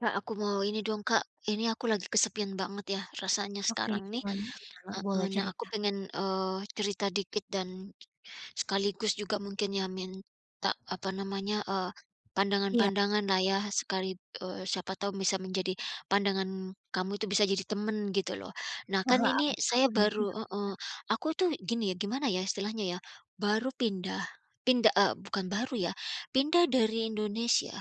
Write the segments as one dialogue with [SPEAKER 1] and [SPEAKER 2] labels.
[SPEAKER 1] Kak, aku mau ini dong Kak, ini aku lagi kesepian banget ya, rasanya
[SPEAKER 2] Oke,
[SPEAKER 1] sekarang ini
[SPEAKER 2] gimana gimana?
[SPEAKER 1] heeh.
[SPEAKER 2] Boleh
[SPEAKER 1] Nah aku
[SPEAKER 2] cerita.
[SPEAKER 1] pengen, eee, cerita dikit dan, sekaligus juga mungkin ya minta apa namanya, eee,
[SPEAKER 2] Iya.
[SPEAKER 1] pandangan-pandangan lah ya sekali eee, siapa tahu bisa menjadi pandangan kamu itu bisa jadi teman gitu loh. Nah kan
[SPEAKER 2] Heeh,
[SPEAKER 1] ini
[SPEAKER 2] aman
[SPEAKER 1] saya
[SPEAKER 2] aman,
[SPEAKER 1] baru
[SPEAKER 2] iya iya.
[SPEAKER 1] heeh, aku tuh gini, gimana ya, istilahnya ya, baru pindah, pinda eee, bukan baru ya, pindah dari Indonesia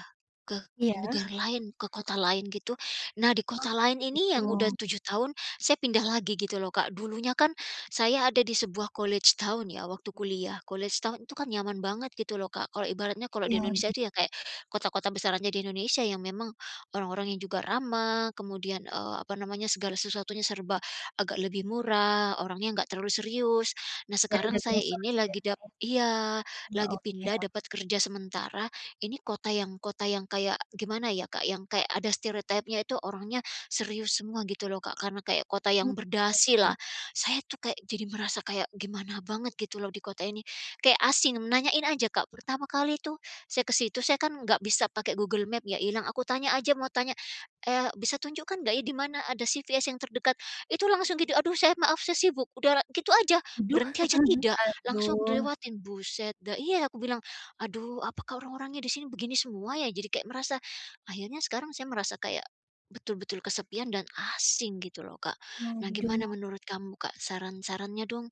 [SPEAKER 1] ke
[SPEAKER 2] Iya.
[SPEAKER 1] negara lain, ke kota lain gitu. Nah di
[SPEAKER 2] Oh,
[SPEAKER 1] kota lain ini
[SPEAKER 2] begitu.
[SPEAKER 1] yang udah 7 tahun, saya pindah lagi gitu loh Kak. Dulunya kan, saya ada di sebuah college town ya waktu kuliah. Kuliah setahun itu kan nyaman banget gitu loh Kak, kalau ibaratnya kalau di Indonesia
[SPEAKER 2] Iya.
[SPEAKER 1] itu ya kayak kota-kota besarannya di Indonesia yang memang, orang-orang yang juga ramah kemudian, eee, apa namanya, segala sesuatunya serba agak lebih murah, orangnya enggak terlalu serius. Nah
[SPEAKER 2] Kayak
[SPEAKER 1] sekarang
[SPEAKER 2] udah
[SPEAKER 1] saya
[SPEAKER 2] biasa
[SPEAKER 1] ini
[SPEAKER 2] gitu
[SPEAKER 1] lagi
[SPEAKER 2] ya Kak
[SPEAKER 1] dap iya,
[SPEAKER 2] ya. Wah,
[SPEAKER 1] lagi
[SPEAKER 2] oke
[SPEAKER 1] pindah
[SPEAKER 2] ok
[SPEAKER 1] dapat kerja sementara, ini kota yang kota yang kayak gimana ya Kak, yang kayak ada stereotype-nya itu orangnya serius semua gitu loh Kak, karena kayak kota yang
[SPEAKER 2] Benar
[SPEAKER 1] berdasi
[SPEAKER 2] sih.
[SPEAKER 1] lah. Saya tuh kayak jadi merasa kayak gimana banget gitu loh di kota ini, kayak asing. Nanyain aja Kak, pertama kali tuh saya ke situ, saya kan nggak bisa pakai Google Map ya ilang, aku tanya aja, mau tanya, "Eee, bisa tunjukkan nggak ya, di mana ada CVS yang terdekat?" Itu langsung gitu, "Aduh saya maaf, saya sibuk." Udah gitu aja,
[SPEAKER 2] Aduh.
[SPEAKER 1] berhenti aja tidak, langsung
[SPEAKER 2] Aduh.
[SPEAKER 1] dilewatin, buset, nggak iya aku bilang, "Aduh apakah orang-orangnya di sini begini semua ya?" Jadi kayak merasa akhirnya sekarang saya merasa kayak betul-betul kesepian dan asing gitu loh Kak. Nah
[SPEAKER 2] Aduh.
[SPEAKER 1] gimana menurut kamu Kak, saran-sarannya dong?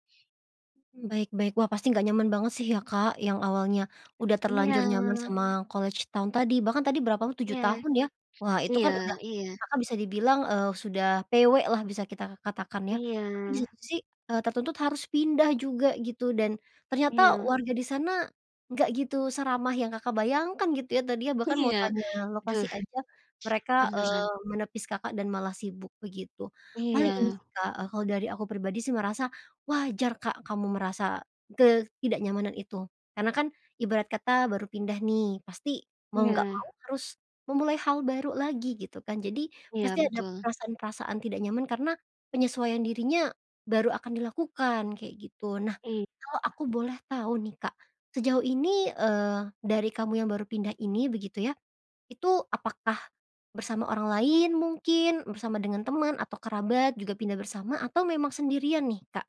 [SPEAKER 2] Mmm, baik baik. Wah pasti nggak nyaman banget sih ya Kak, yang awalnya udah terlanjur nyaman
[SPEAKER 1] Iya.
[SPEAKER 2] sama college town tadi, bahkan tadi berapa t
[SPEAKER 1] Iya.
[SPEAKER 2] 7 tahun ya. Wah itu
[SPEAKER 1] Iya
[SPEAKER 2] kan udah
[SPEAKER 1] iya.
[SPEAKER 2] Kakak bisa dibilang, eee, sudah PW lah bisa kita katakan ya. Tapi di
[SPEAKER 1] Iya.
[SPEAKER 2] situ sih, eee, tertuntut harus pindah juga gitu dan, ternyata
[SPEAKER 1] Iya.
[SPEAKER 2] warga di sana, nggak gitu seramah yang Kakak bayangkan gitu ya. Tadinya bahkan mau
[SPEAKER 1] Iya.
[SPEAKER 2] tanya, lokasi
[SPEAKER 1] Duh
[SPEAKER 2] aja, mereka,
[SPEAKER 1] beneran.
[SPEAKER 2] eee, menepis Kakak dan malah sibuk begitu. Paling ini
[SPEAKER 1] Iya.
[SPEAKER 2] sih Kak, eee, kalau dari aku pribadi sih merasa, wajar Kak kamu merasa ketidaknyamanan itu. Karena kan, ibarat kata baru pindah nih, pasti mau nggak mau
[SPEAKER 1] Iya.
[SPEAKER 2] harus memulai hal baru lagi gitu kan jadi,
[SPEAKER 1] Iya,
[SPEAKER 2] pasti ada
[SPEAKER 1] betul.
[SPEAKER 2] perasaan-perasaan tidak nyaman karena penyesuaian dirinya baru akan dilakukan, kayak gitu. Nah,
[SPEAKER 1] Iya.
[SPEAKER 2] kalau aku boleh tahu nih Kak, sejauh ini, eee, dari kamu yang baru pindah ini, begitu ya, itu apakah bersama orang lain mungkin, bersama dengan teman atau kerabat juga pindah bersama atau memang sendirian nih Kak?